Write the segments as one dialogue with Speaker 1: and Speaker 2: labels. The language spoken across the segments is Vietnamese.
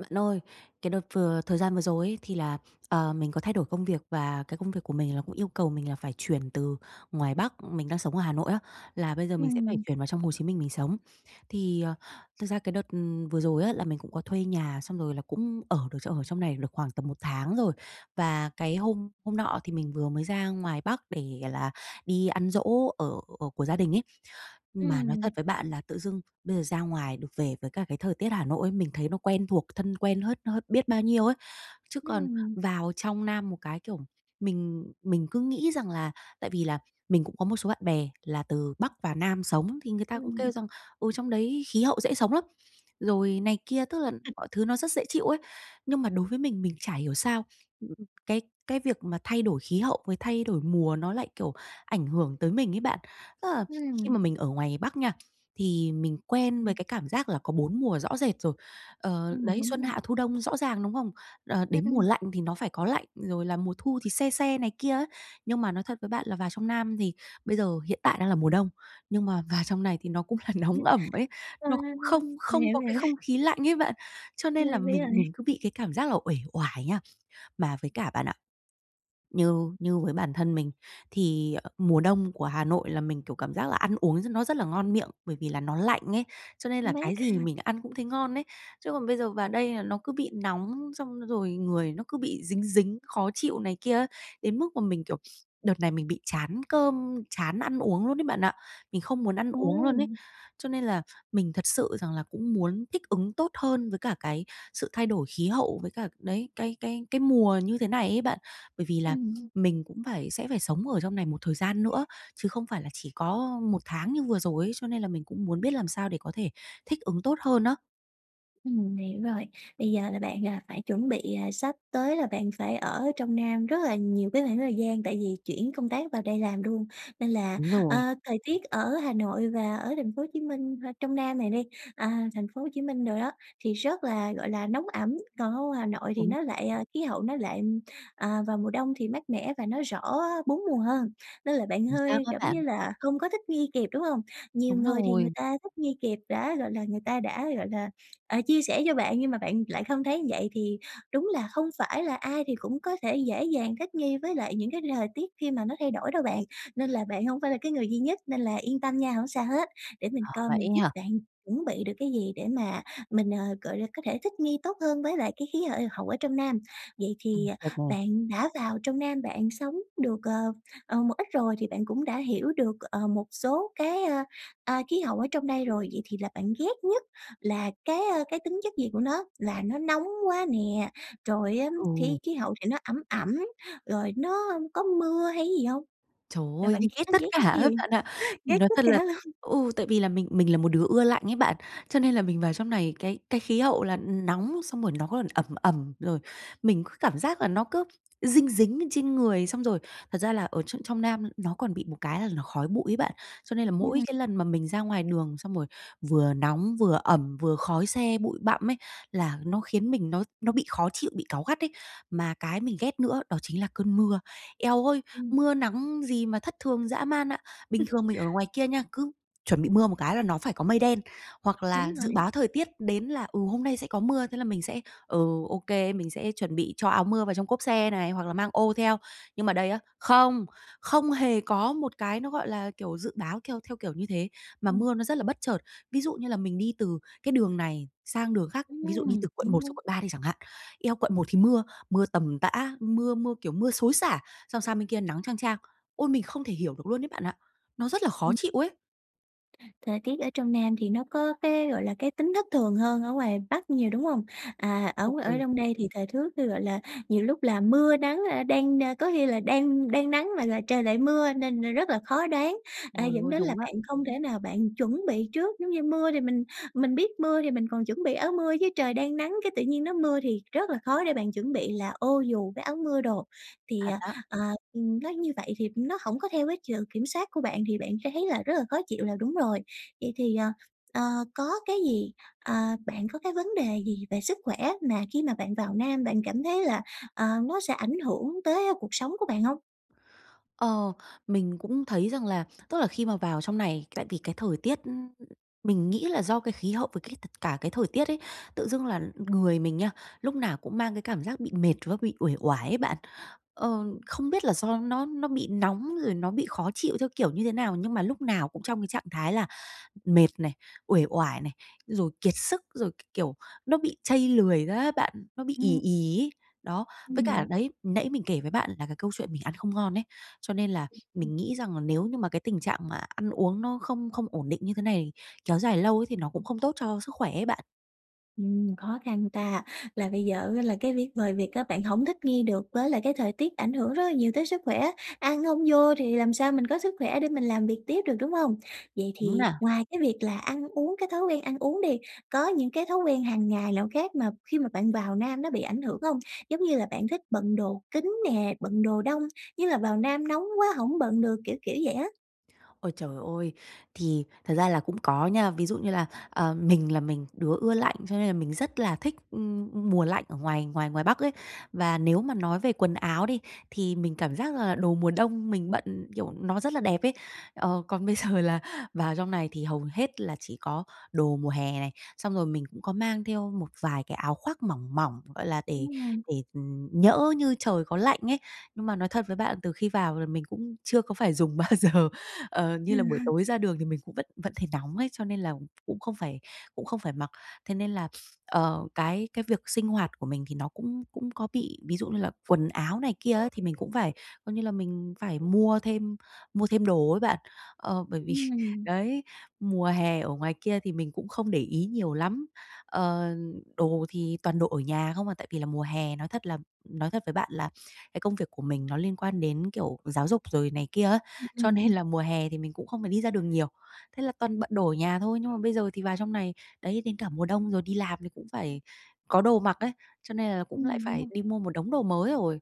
Speaker 1: Bạn ơi, cái đợt vừa thời gian vừa rồi ấy, thì là, ờ, mình có thay đổi công việc và cái công việc của mình là cũng yêu cầu mình là phải chuyển từ ngoài Bắc, mình đang sống ở Hà Nội á, là bây giờ mình sẽ phải
Speaker 2: Ừm.
Speaker 1: chuyển vào trong Hồ Chí Minh mình sống. Thì, ờ, thực ra cái đợt, ừm, vừa rồi á, là mình cũng có thuê nhà xong rồi là cũng ở được ở trong này được khoảng tầm 1 tháng rồi. Và cái hôm hôm nọ thì mình vừa mới ra ngoài Bắc để, gọi là, đi ăn giỗ ở của gia đình ấy, mà nói thật
Speaker 2: Ừm.
Speaker 1: với bạn là tự dưng bây giờ ra ngoài được về với cả cái thời tiết ở Hà Nội ấy, mình thấy nó quen thuộc thân quen hết hết biết bao nhiêu ấy. Chứ còn
Speaker 2: Ừm
Speaker 1: vào trong Nam một cái, kiểu, mình mình cứ nghĩ rằng là tại vì là mình cũng có một số bạn bè là từ Bắc vào Nam sống thì người ta cũng
Speaker 2: Ừm.
Speaker 1: kêu rằng, ừ, trong đấy khí hậu dễ sống lắm, rồi này kia, tức là mọi thứ nó rất dễ chịu ấy. Nhưng mà đối với mình, mình chả hiểu sao, ừm, cái cái việc mà thay đổi khí hậu với thay đổi mùa nó lại, kiểu, ảnh hưởng tới mình ấy bạn. Tức là khi
Speaker 2: Ừm.
Speaker 1: mà mình ở ngoài Bắc nha, thì mình quen với
Speaker 2: Ừm.
Speaker 1: cái cảm giác là có 4 mùa rõ rệt rồi, ờ,
Speaker 2: Ừm,
Speaker 1: đấy,
Speaker 2: đúng
Speaker 1: xuân
Speaker 2: rồi.
Speaker 1: hạ thu đông rõ ràng, đúng không? Ờ,
Speaker 2: Ừm,
Speaker 1: đến mùa
Speaker 2: ừm.
Speaker 1: lạnh thì nó phải có lạnh, rồi là mùa thu thì se se này kia ấy. Nhưng mà nói thật với bạn là vào trong Nam thì bây giờ hiện tại đang là mùa đông, nhưng mà vào trong này thì nó cũng là
Speaker 2: Ừm,
Speaker 1: nóng ẩm ấy,
Speaker 2: a,
Speaker 1: nó cũng không
Speaker 2: mình
Speaker 1: không
Speaker 2: hiểu,
Speaker 1: có
Speaker 2: mình
Speaker 1: cái
Speaker 2: hiểu.
Speaker 1: không khí lạnh ấy bạn. Cho
Speaker 2: Ơi,
Speaker 1: nên là
Speaker 2: biết
Speaker 1: mình
Speaker 2: rồi.
Speaker 1: mình cứ bị cái cảm giác là uể oải nha. Mà với cả, bạn ạ, như như với bản thân mình thì, ờ, mùa đông của Hà Nội là mình, kiểu, cảm giác là ăn uống nó rất là ngon miệng, bởi vì là nó lạnh ấy, cho nên là cái
Speaker 2: Mát
Speaker 1: gì
Speaker 2: ha.
Speaker 1: mình ăn cũng thấy ngon ấy. Chứ còn bây giờ vào đây là nó cứ bị nóng xong rồi người nó cứ bị dính dính, khó chịu này kia ấy, đến mức mà mình, kiểu, đợt này mình bị chán cơm, chán ăn uống luôn ấy, bạn ạ, mình không muốn ăn
Speaker 2: Ờ.
Speaker 1: uống luôn ấy. Cho nên là mình thật sự rằng là cũng muốn thích ứng tốt hơn với cả cái sự thay đổi khí hậu với cả, đấy, cái cái cái mùa như thế này ấy bạn. Bởi vì là
Speaker 2: Ừm.
Speaker 1: mình cũng phải sẽ phải sống ở trong này một thời gian nữa, chứ không phải là chỉ có 1 tháng như vừa rồi ấy, cho nên là mình cũng muốn biết làm sao để có thể thích ứng tốt hơn á.
Speaker 2: Ừm, mình hiểu rồi, bây giờ là bạn, ờ, phải chuẩn bị sắp tới là bạn phải ở trong Nam rất là nhiều cái khoảng thời gian, tại vì chuyển công tác vào đây làm luôn, nên là
Speaker 1: Đúng
Speaker 2: ờ,
Speaker 1: rồi.
Speaker 2: thời tiết ở Hà Nội và ở thành phố Hồ Chí Minh h trong Nam này đi, à, thành phố Hồ Chí Minh đồ đó, thì rất là, gọi là, nóng ẩm, còn ở ngoài Hà Nội thì
Speaker 1: Đúng.
Speaker 2: nó lại, ờ khí hậu nó lại, à, vào mùa đông thì mát mẻ và nó rõ 4 mùa hơn. Nên là bạn
Speaker 1: Chính xác
Speaker 2: hơi,
Speaker 1: á
Speaker 2: giống
Speaker 1: bạn.
Speaker 2: như là, không có thích nghi kịp, đúng hông? Nhiều
Speaker 1: Đúng
Speaker 2: người thì người
Speaker 1: rồi.
Speaker 2: ta thích nghi kịp đã gọi là, người ta đã, gọi là, à, chia sẻ cho bạn. Nhưng mà bạn lại không thấy vậy, thì đúng là không phải là ai thì cũng có thể dễ dàng thích nghi với lại những cái thời tiết khi mà nó thay đổi đâu bạn, nên là bạn hổng phải là cái người duy nhất nên là yên tâm nha, hổng sao hết! Để mình
Speaker 1: Ờ,
Speaker 2: coi
Speaker 1: vậy
Speaker 2: mình
Speaker 1: ấy
Speaker 2: giúp
Speaker 1: hả?
Speaker 2: bạn chuẩn bị được cái gì để mà mình, ờ, gọi là, có thể thích nghi tốt hơn với lại cái khí hệ hậu ở trong Nam. Vậy
Speaker 1: Ừm,
Speaker 2: thì
Speaker 1: được nè.
Speaker 2: bạn đã vào trong Nam bạn sống được, ờ, ờ, một ít rồi thì bạn cũng đã hiểu được, ờ, một số cái, ơ, ơ, khí hậu ở trong đây rồi, vậy thì là bạn ghét nhất là cái, ơ, cái tính chất gì của nó? Là nó nóng quá nè, rồi á
Speaker 1: Ừ.
Speaker 2: khí khí hậu thì nó ẩm ẩm, rồi nó có mưa hay cái gì hông?
Speaker 1: Trời
Speaker 2: Là
Speaker 1: ơi!
Speaker 2: bạn
Speaker 1: Mình ghét
Speaker 2: gh ghét
Speaker 1: tất cả
Speaker 2: nhất cái
Speaker 1: á
Speaker 2: gì?
Speaker 1: bạn ạ. Mình
Speaker 2: Ghét
Speaker 1: nói
Speaker 2: tất
Speaker 1: thật là
Speaker 2: cả luôn.
Speaker 1: ừ, tại vì là mình mình là một đứa ưa lạnh ấy bạn, cho nên là mình vào trong này cái cái khí hậu là nóng xong rồi nó còn ẩm ẩm, rồi mình cứ cảm giác là nó cứ dinh dính lên trên người. Xong rồi thật ra là ở tr trong Nam nó còn bị một cái là nó khói bụi ấy bạn, cho nên là mỗi
Speaker 2: Ừm.
Speaker 1: cái lần mà mình ra ngoài đường xong rồi vừa nóng, vừa ẩm, vừa khói xe, bụi bặm ấy, là nó khiến mình nó nó bị khó chịu, bị cáu gắt ấy. Mà cái mình ghét nữa đó chính là cơn mưa. Eo ơi,
Speaker 2: Ừm.
Speaker 1: mưa nắng gì mà thất thường dã man ạ! Bình thường mình ở ngoài kia nha, cứ chuẩn bị mưa một cái là nó phải có mây đen hoặc
Speaker 2: Đúng
Speaker 1: là dự
Speaker 2: rồi.
Speaker 1: báo thời tiết đến là, ừ, hôm nay sẽ có mưa, thế là mình sẽ, ừ, OK, mình sẽ chuẩn bị cho áo mưa vào trong cốp xe này hoặc là mang ô theo. Nhưng mà đây á, không, không hề có một cái nó, gọi là, kiểu, dự báo theo theo kiểu như thế, mà
Speaker 2: Ừm.
Speaker 1: mưa nó rất là bất chợt. Ví dụ như là mình đi từ cái đường này sang đường khác,
Speaker 2: Ừm,
Speaker 1: ví dụ đi từ quận
Speaker 2: đúng,
Speaker 1: 1 xuống
Speaker 2: đúng.
Speaker 1: quận 3 đi chẳng hạn. Eo, quận 1 thì mưa, mưa tầm tã, mưa mưa, kiểu, mưa xối xả, xong sang bên kia nắng chang chang. Ôi, mình không thể hiểu được luôn ấy bạn ạ, nó rất là khó
Speaker 2: Ừm.
Speaker 1: chịu ấy!
Speaker 2: Thời tiết ở trong Nam thì nó có cái, gọi là, cái tính thất thường hơn ở ngoài Bắc nhiều, đúng hông? À, ở
Speaker 1: Ồ,
Speaker 2: ở
Speaker 1: ừ.
Speaker 2: trong đây thì thời thước thư, gọi là, nhiều lúc là mưa nắng, a, đang n có khi là đang đang nắng mà là trời lại mưa nên, à, rất là khó đoán, à,
Speaker 1: Trời
Speaker 2: dẫn
Speaker 1: ơi!
Speaker 2: đến là
Speaker 1: Đúng á.
Speaker 2: bạn không thể nào bạn chuẩn bị trước. Giống như mưa thì mình mình biết mưa thì mình còn chuẩn bị áo mưa, chứ trời đang nắng cái tự nhiên nó mưa thì rất là khó để bạn chuẩn bị là ô dù với áo mưa đồ. Thì,
Speaker 1: Thật
Speaker 2: à,
Speaker 1: á.
Speaker 2: à, ừm, nói như vậy thì nó hổng có theo cái sự kiểm soát của bạn thì bạn sẽ thấy là rất là khó chịu là đúng rồi. Vậy thì, ờ, ờ, có cái gì à, bạn có cái vấn đề gì về sức khỏe mà khi mà bạn vào Nam bạn cảm thấy là, ờ, nó sẽ ảnh hưởng tới cuộc sống của bạn hông?
Speaker 1: Ờ, mình cũng thấy rằng là tức là khi mà vào trong này, tại vì cái thời tiết, ưm, mình nghĩ là do cái khí hậu và cái tật cả cái thời tiết ấy, tự dưng là người mình nha, lúc nào cũng mang cái cảm giác bị mệt với bị uể oải ấy bạn. Ờ, không biết là do nó nó bị nóng rồi nó bị khó chịu theo kiểu như thế nào, nhưng mà lúc nào cũng trong cái trạng thái là mệt này, uể oải này, rồi kiệt sức, rồi cái kiểu nó bị chây lười ra á bạn, nó bị ì
Speaker 2: Ừm.
Speaker 1: ì ấy. Đó, với cả
Speaker 2: Ừm.
Speaker 1: đấy, nãy mình kể với bạn là cái câu chuyện mình ăn không ngon ấy, cho nên là
Speaker 2: Ừm, ừm.
Speaker 1: mình nghĩ rằng là nếu như mà cái tình trạng mà ăn uống nó không không ổn định như thế này kéo dài lâu ấy thì nó cũng không tốt cho sức khỏe ấy bạn.
Speaker 2: Ừm, khó khăn ta, là bây giờ á, là cái viết ngoài việc á, bạn hổng thích nghi được với lại cái thời tiết ảnh hưởng rất là nhiều tới sức khỏe, ăn hông vô thì làm sao mình có sức khỏe để mình làm việc tiếp được, đúng hông? Vậy
Speaker 1: Đúng
Speaker 2: thì
Speaker 1: nè.
Speaker 2: ngoài cái việc là ăn uống, cái thói quen ăn uống đi, có những cái thói quen hằng ngày nào khác mà, khi mà bạn vào Nam nó bị ảnh hưởng hông? Giống như là bạn thích bận đồ kín nè, bận đồ đông, như là vào Nam nóng quá hổng bận được, kiểu, kiểu vậy á.
Speaker 1: Ôi trời ôi! Thì thật ra là cũng có nha, ví dụ như là, ờ, mình là mình đứa ưa lạnh cho nên là mình rất là thích, ừm, ừm, mùa lạnh ở ngoài ngoài ngoài Bắc ấy. Và nếu mà nói về quần áo đi, thì mình cảm giác là đồ mùa đông mình bận, kiểu, nó rất là đẹp ấy. Ờ, còn bây giờ là vào trong này thì hầu hết là chỉ có đồ mùa hè này, xong rồi mình cũng có mang theo một vài cái áo khoác mỏng, mỏng, gọi là, để
Speaker 2: [unintelligible]
Speaker 1: để, ừm, nhỡ như trời có lạnh ấy. Nhưng mà nói thật với bạn từ khi vào là mình cũng chưa có phải dùng bao giờ, ờ, như là buổi tối ra đường thì mình cũng vẫn vẫn thấy nóng ấy, cho nên là cũng không phải cũng không phải mặc. Thế nên là, ờ, cái cái việc sinh hoạt của mình thì nó cũng cũng có bị, ví dụ như là quần áo này kia ấy thì mình cũng phải, coi như là, mình phải mua thêm, mua thêm đồ ấy bạn, ờ, bởi vì,
Speaker 2: Ừm.
Speaker 1: đấy, mùa hè ở ngoài kia thì mình cũng không để ý nhiều lắm, ờ, đồ thì toàn đồ ở nhà không à. Tại vì là mùa hè nói thật là nói thật với bạn là cái công việc của mình nó liên quan đến, kiểu, giáo dục rồi này kia á,
Speaker 2: Ưm,
Speaker 1: cho
Speaker 2: ừm.
Speaker 1: nên là mùa hè thì mình cũng không phải đi ra đường nhiều, thế là toàn bận đồ ở nhà thôi. Nhưng mà bây giờ thì vào trong này, đấy đến cả mùa đông rồi đi làm thì cũng phải có đồ mặc ấy, cho nên là cũng lại
Speaker 2: Ừm, đúng
Speaker 1: phải
Speaker 2: rồi.
Speaker 1: đi mua một đống đồ mới rồi.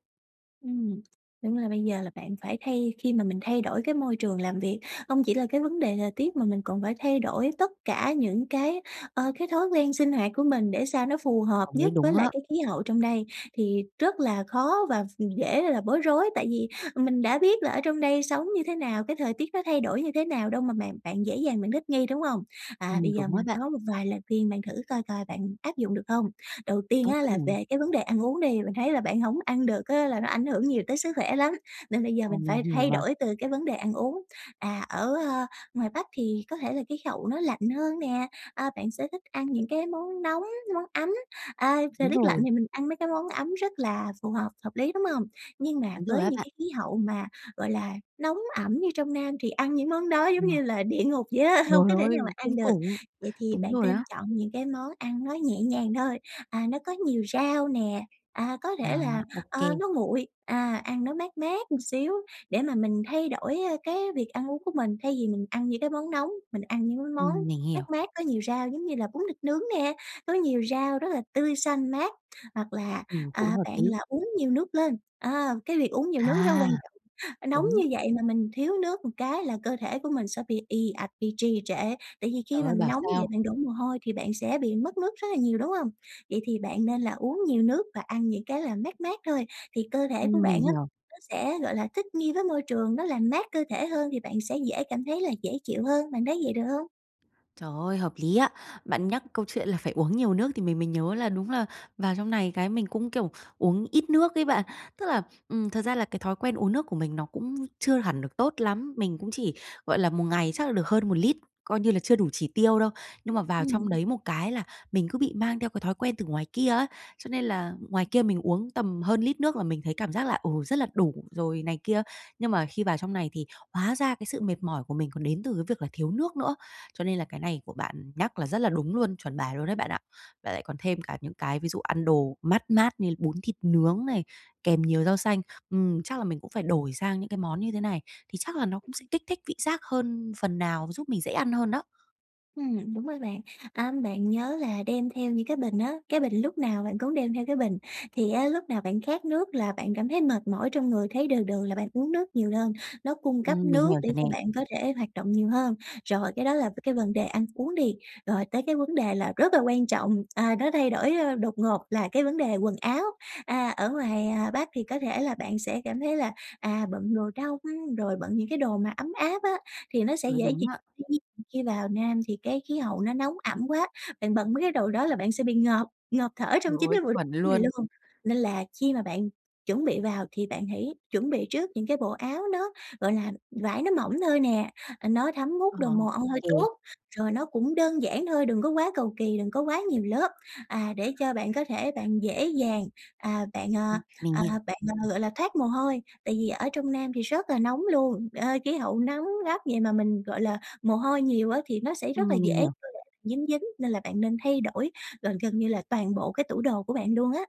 Speaker 2: Ừm, đúng là bây giờ là bạn phải thay khi mà mình thay đổi cái môi trường làm việc, hông chỉ là cái vấn đề thời tiết mà mình còn phải thay đổi tất cả những cái, ờ, cái thói quen sinh hoạt của mình để sao nó phù hợp
Speaker 1: Ờ, nói
Speaker 2: nhất
Speaker 1: đúng
Speaker 2: với lại
Speaker 1: á.
Speaker 2: cái khí hậu trong đây thì rất là khó và ph dễ là bối rối. Tại vì mình đã biết là ở trong đây sống như thế nào, cái thời tiết nó thay đổi như thế nào đâu mà bạn bạn dễ dàng bạn thích nghi, đúng hông? À,
Speaker 1: Ừm,
Speaker 2: bây giờ
Speaker 1: đúng á
Speaker 2: mình
Speaker 1: bạn.
Speaker 2: có một vài lời khuyên mà thử coi coi bạn áp dụng được hông. Đầu tiên
Speaker 1: Tốt
Speaker 2: á,
Speaker 1: quá
Speaker 2: là
Speaker 1: nè.
Speaker 2: về cái vấn đề ăn uống đi. Mình thấy là bạn hổng ăn được á, là nó ảnh hưởng nhiều tới sức khỏe lắm, nên bây giờ
Speaker 1: Ờ,
Speaker 2: mình
Speaker 1: mình
Speaker 2: phải
Speaker 1: hiểu
Speaker 2: thay
Speaker 1: mà.
Speaker 2: đổi từ cái vấn đề ăn uống. À, ở, a, ngoài Bắc thì có thể là khí hậu nó lạnh hơn nè, à, bạn sẽ thích ăn những cái món nóng, món ấm. À, thời
Speaker 1: Đúng
Speaker 2: tiết lạnh
Speaker 1: rồi.
Speaker 2: thì mình ăn mấy cái món ấm rất là phù hợp, hợp lý, đúng hông? Nhưng mà
Speaker 1: Đúng rồi
Speaker 2: với
Speaker 1: á
Speaker 2: những
Speaker 1: bạn.
Speaker 2: cái khí hậu mà, gọi là, nóng ẩm như trong Nam thì ăn những món đó giống
Speaker 1: Ừm.
Speaker 2: như là địa ngục vậy á, hông
Speaker 1: Trời
Speaker 2: có thể
Speaker 1: ơi,
Speaker 2: nào mà ăn
Speaker 1: kinh
Speaker 2: được.
Speaker 1: khủng.
Speaker 2: Vậy thì
Speaker 1: Đúng
Speaker 2: bạn
Speaker 1: rồi
Speaker 2: nên
Speaker 1: á.
Speaker 2: chọn những cái món ăn nó nhẹ nhàng thôi, à, nó có nhiều rau nè, à, có
Speaker 1: À,
Speaker 2: thể là,
Speaker 1: ô
Speaker 2: ờ,
Speaker 1: kê.
Speaker 2: nó nguội, à, ăn nó mát mát một xíu để mà mình thay đổi, ơ, cái việc ăn uống của mình thay vì mình ăn những cái món nóng. Mình ăn những cái món
Speaker 1: Ừm, mình
Speaker 2: mát
Speaker 1: hiểu.
Speaker 2: mát có nhiều rau giống như là bún thịt nướng nè, có nhiều rau rất là tươi xanh mát, hoặc là,
Speaker 1: Ừm, cũng
Speaker 2: à,
Speaker 1: hợp
Speaker 2: bạn
Speaker 1: lý.
Speaker 2: là uống nhiều nước lên. À, cái việc uống nhiều nước rất
Speaker 1: À.
Speaker 2: quan trọng, nóng
Speaker 1: Đúng.
Speaker 2: như vậy mà mình thiếu nước một cái là cơ thể của mình sẽ bị ì ạch bị trì trệ. Tại vì
Speaker 1: Trời
Speaker 2: khi mà
Speaker 1: ơi,
Speaker 2: mình
Speaker 1: bảo
Speaker 2: nóng vậy
Speaker 1: sao!
Speaker 2: bạn đổ mồ hôi thì bạn sẽ bị mất nước rất là nhiều, đúng hông? Vậy thì bạn nên là uống nhiều nước và ăn những cái là mát mát thôi thì cơ thể của
Speaker 1: Ừm, mình
Speaker 2: bạn á,
Speaker 1: hiểu.
Speaker 2: nó sẽ, gọi là, thích nghi với môi trường, nó làm mát cơ thể hơn thì bạn sẽ dễ cảm thấy là dễ chịu hơn, bạn thấy vậy được hông?
Speaker 1: Trời ơi, hợp lý á! Bạn nhắc câu chuyện là phải uống nhiều nước thì mình mới nhớ là đúng là vào trong này cái mình cũng, kiểu, uống ít nước ấy bạn. Tức là, ừm, thật ra là cái thói quen uống nước của mình nó cũng chưa hẳn được tốt lắm. Mình cũng chỉ, gọi là, một ngày chắc là được hơn 1 lít, coi như là chưa đủ chỉ tiêu đâu. Nhưng mà vào trong
Speaker 2: Ừm.
Speaker 1: đấy một cái là mình cứ bị mang theo cái thói quen từ ngoài kia ấy. Cho nên là ngoài kia mình uống tầm hơn lít nước là mình thấy cảm giác là, ừ, rất là đủ rồi này kia. Nhưng mà khi vào trong này thì hóa ra cái sự mệt mỏi của mình còn đến từ cái việc là thiếu nước nữa. Cho nên là cái này của bạn nhắc là rất là đúng luôn, chuẩn bài luôn đấy bạn ạ. Mà lại còn thêm cả những cái ví dụ ăn đồ mát mát như bún thịt nướng này, kèm nhiều rau xanh, ừm, chắc là mình cũng phải đổi sang những cái món như thế này thì chắc là nó cũng sẽ
Speaker 2: [unintelligible]
Speaker 1: kích thích vị giác hơn phần nào, giúp mình dễ ăn hơn đó.
Speaker 2: Ừm, đúng rồi bạn. À, bạn nhớ là đem theo những cái bình á, cái bình, lúc nào bạn cũng đem theo cái bình, thì á lúc nào bạn khát nước là bạn cảm thấy mệt mỏi trong người, thấy đừ đừ là bạn uống nước nhiều đơn, nó cung cấp
Speaker 1: Ừm, mình
Speaker 2: nước
Speaker 1: hiểu
Speaker 2: để
Speaker 1: rồi nè.
Speaker 2: cho bạn có thể hoạt động nhiều hơn. Rồi, cái đó là cái vần đề ăn uống đi, rồi tới cái vấn đề là rất là quan trọng, à, nó thay đổi đột ngột là cái vấn đề quần áo. À, ở ngoài Bắc thì có thể là bạn sẽ cảm thấy là, à, bận đồ đông rồi bận những cái đồ mà ấm áp á, thì nó sẽ
Speaker 1: Ừ,
Speaker 2: dễ
Speaker 1: đúng
Speaker 2: dị
Speaker 1: á.
Speaker 2: [unintelligible] khi vào Nam thì cái khí hậu nó nóng ẩm quá, bạn bận mấy cái đồ đó là bạn sẽ bị ngợp ngợp thở trong
Speaker 1: Trời
Speaker 2: chính
Speaker 1: ơi,
Speaker 2: cái bộ đồ
Speaker 1: chuẩn
Speaker 2: của mình
Speaker 1: luôn!
Speaker 2: luôn. Nên là khi mà bạn chuẩn bị vào thì bạn hãy chuẩn bị trước những cái bộ áo nó, gọi là, vải nó mỏng thôi nè, nó thấm
Speaker 1: Ờ,
Speaker 2: hút được mồ
Speaker 1: ô
Speaker 2: hôi
Speaker 1: kê.
Speaker 2: tốt. Rồi nó cũng đơn giản thôi, đừng có quá cầu kỳ, đừng có quá nhiều lớp, à, để cho bạn có thể bạn dễ dàng, à, bạn,
Speaker 1: Ừm,
Speaker 2: à,
Speaker 1: mình
Speaker 2: à,
Speaker 1: hiểu.
Speaker 2: bạn, à, gọi là, thoát mồ hôi. Tại vì ở trong Nam thì rất là nóng luôn, ờ, khí hậu nắng gắt vậy mà mình, gọi là, mồ hôi nhiều á thì nó sẽ rất là
Speaker 1: Ừm, mình
Speaker 2: dễ
Speaker 1: hiểu.
Speaker 2: dính dính nên là bạn nên thay đổi gần gần như là toàn bộ cái tủ đồ của bạn luôn á.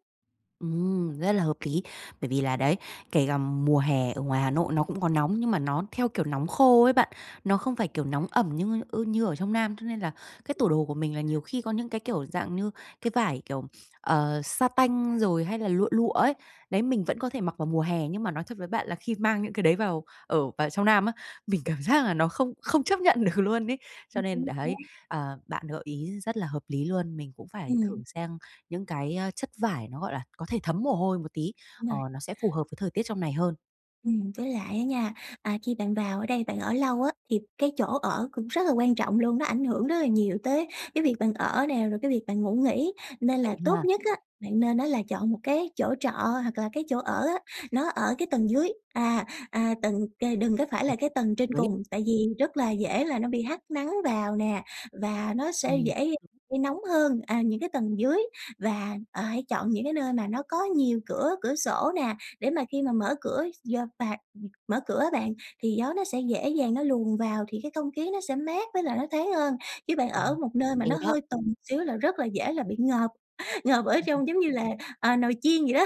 Speaker 1: Ừm, rất là hợp lý, bởi vì là đấy, kể cả mùa hè ở ngoài Hà Nội nó cũng có nóng nhưng mà nó theo, kiểu, nóng khô ấy bạn, nó không phải, kiểu, nóng ẩm như, ơ, như ở trong Nam, cho nên là cái tủ đồ của mình là nhiều khi có những cái, kiểu, dạng như cái vải, kiểu, ờ, sa tanh rồi hay là lụa, lụa ấy. Đấy mình vẫn có thể mặc vào mùa hè nhưng mà nói thật với bạn là khi mang những cái đấy vào ở vào trong Nam á, mình cảm giác là nó không không chấp nhận được luôn ấy. Cho
Speaker 2: Ừm,
Speaker 1: nên
Speaker 2: chính
Speaker 1: đấy,
Speaker 2: xác.
Speaker 1: ờ, bạn gợi ý rất là hợp lý luôn, mình cũng phải thử
Speaker 2: Ừm.
Speaker 1: sang những cái, a, chất vải nó, gọi là, có thể thấm mồ hôi một tí,
Speaker 2: Đúng
Speaker 1: ờ,
Speaker 2: rồi.
Speaker 1: nó sẽ phù hợp với thời tiết trong này hơn.
Speaker 2: Ừm, với lại á nha, à, khi bạn vào ở đây, bạn ở lâu á thì cái chỗ ở cũng rất là quan trọng luôn, nó ảnh hưởng rất là nhiều tới cái việc bạn ở nè, rồi cái việc bạn ngủ nghỉ. Nên là
Speaker 1: Vậy
Speaker 2: tốt
Speaker 1: ha.
Speaker 2: nhất á, bạn nên á, là chọn một cái chỗ trọ hoặc là cái chỗ ở á nó ở cái tầng dưới, à, à, tầng, kề đừng có phải
Speaker 1: Ồ.
Speaker 2: là cái tầng trên
Speaker 1: Đấy.
Speaker 2: cùng tại vì rất là dễ là nó bị hắt nắng vào nè và nó sẽ
Speaker 1: Ừm
Speaker 2: dễ
Speaker 1: [unintelligible]
Speaker 2: gây nóng hơn, à, những cái tầng dưới. Và, à, hãy chọn những cái nơi mà nó có nhiều cửa, cửa sổ nè, để mà khi mà mở cửa do phạt, ừm, mở cửa á bạn thì gió nó sẽ dễ dàng nó luồn vào thì cái không khí nó sẽ mát với lại nó thoáng hơn. Chứ bạn
Speaker 1: Ờ,
Speaker 2: ở một nơi mà
Speaker 1: OK
Speaker 2: nó
Speaker 1: đó.
Speaker 2: hơi tùng xíu là rất là dễ là bị ngợp, ngợp ở
Speaker 1: Ừm, ừm.
Speaker 2: trong giống như là, à, nồi chiên vậy đó.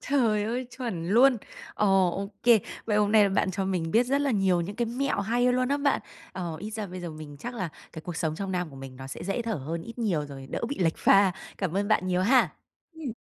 Speaker 1: Trời ơi, chuẩn luôn. Ồ, ô kê, vậy hôm nay là bạn cho mình biết rất là nhiều những cái mẹo hay luôn á bạn. Ờ, ít ra bây giờ mình chắc là cái cuộc sống trong Nam của mình nó sẽ dễ thở hơn ít nhiều rồi, đỡ bị lệch pha. Cảm ơn bạn nhiều ha!
Speaker 2: Ừm.